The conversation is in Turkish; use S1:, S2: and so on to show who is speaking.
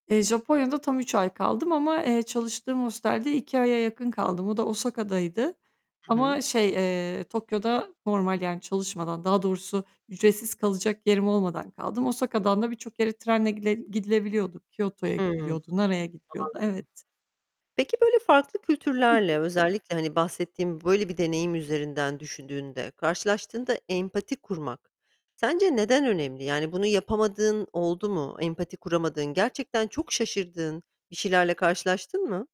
S1: Eee, Japonya'da tam 3 ay kaldım ama, eee, çalıştığım hostelde 2 aya yakın kaldım. O da Osaka'daydı
S2: Hı
S1: ama
S2: hı.
S1: şey, eee, Tokyo'da normal yani çalışmadan, daha doğrusu ücretsiz kalacak yerim olmadan kaldım. Osaka'dan da birçok yere trenle gide gidilebiliyorduk. Kyoto'ya
S2: Hımm. Anladım.
S1: gidiliyordu. Naray'a gidiliyordu. Evet.
S2: Peki, böyle, farklı
S1: Hı
S2: kültürlerle,
S1: hı.
S2: özellikle, hani, bahsettiğin böyle bir deneyim üzerinden düşündüğünde, karşılaştığında empati kurmak sence neden önemli? Yani, bunu yapamadığın oldu mu, empati kuramadığın, gerçekten çok şaşırdığın bir şeylerle karşılaştın mı?